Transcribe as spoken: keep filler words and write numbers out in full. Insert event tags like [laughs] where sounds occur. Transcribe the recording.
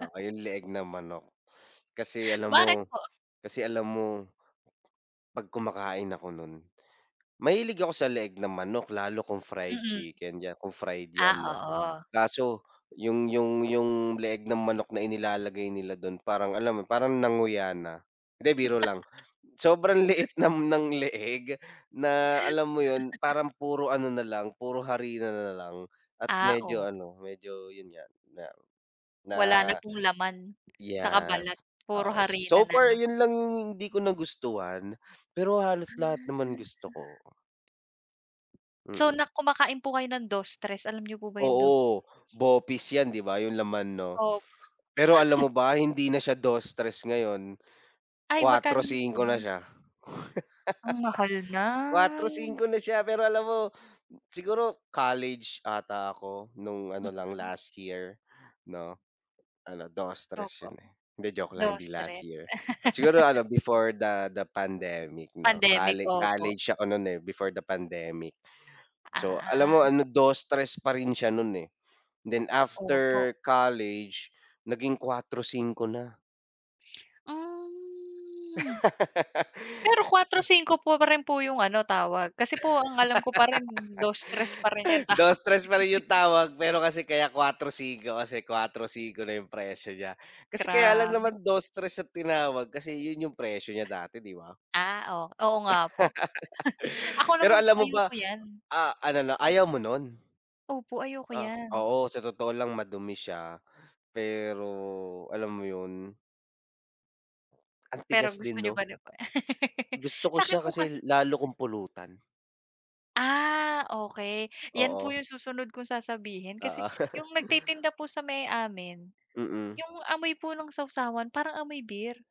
Oo, yung leeg ng manok. Kasi, alam Bakit mo po? kasi, alam mo 'pag kumakain ako no'n mahilig ako sa leeg ng manok lalo kung fried Mm. chicken 'yan, kung fried Ah, 'yan, 'no, oo. kaso yung yung yung leeg ng manok na inilalagay nila do'n parang alam mo 'yon, parang nanguya na. Hindi, biro lang, sobrang liit [laughs] ng leeg na, alam mo 'yon, [laughs] parang puro ano nalang, puro harina nalang at Ah, medyo oh. ano, medyo 'yon nga na Wala na pong laman saka yes, balat puro oo. harina So far nalang. 'yon lang yung hindi ko nagustuhan. Pero halos Hmm, lahat naman hmm. gusto ko. So, Mm. na kumakain po kayo ng dos tres, alam niyo po ba yung dos? Oo, bopis 'yan, 'di ba? Yung laman, 'no? Opo. Pero alam [laughs] mo ba hindi na siya dos tres ngayon, Ay, kwatro magkano na po singko na ba? siya. [laughs] Ang mahal na. Kwatro singko na siya. Pero alam mo, siguro college ata ako no'ng ano, lang Mm. last year, 'no? Ano, dos tres 'yon Opo, eh, hindi joke lang, hindi dos last tres year, ah, siguro [laughs] ano, before the the pandemic 'no, Pandemic, colle opo. college ako non eh, before the pandemic. So, alam mo Ah. ano, dos tres pa rin siya no'n eh, then Opo. after college naging kwatro singko na. Hmm. Pero [laughs] kwatro Se singko po pa rin po yung ano, tawag? Kasi po ang alam ko pa rin dos tres pa rin 'yon [laughs] tawag. dos tres pa rin yung [laughs] tawag pero kasi kaya kwatro singko kasi kwatro singko na yung presyo niya. Kasi kaya lang Grabe. naman dos tres yung tinawag kasi 'yon yung presyo niya dati, 'di ba? Ah, oh, oo nga po. [laughs] Ako Pero naman alam po, mo ayoko ba, 'yan. ah, ano na, ayaw mo no'n? Opo, ayoko Ah, 'yan. oo, sa totoo lang madumi siya. Pero alam mo 'yon? Ang Pero tigas din, gusto niyo 'no? pa rin po? [laughs] Gusto ko siya Sa'kin po kas kasi lalo kung pulutan. Ah, okey, 'yan po Oo. yung susunod kong sasabihin. Kasi Oo. yung [laughs] nagtitinda po sa may amin, Mm. yung amoy po ng sawsawan parang amoy beer.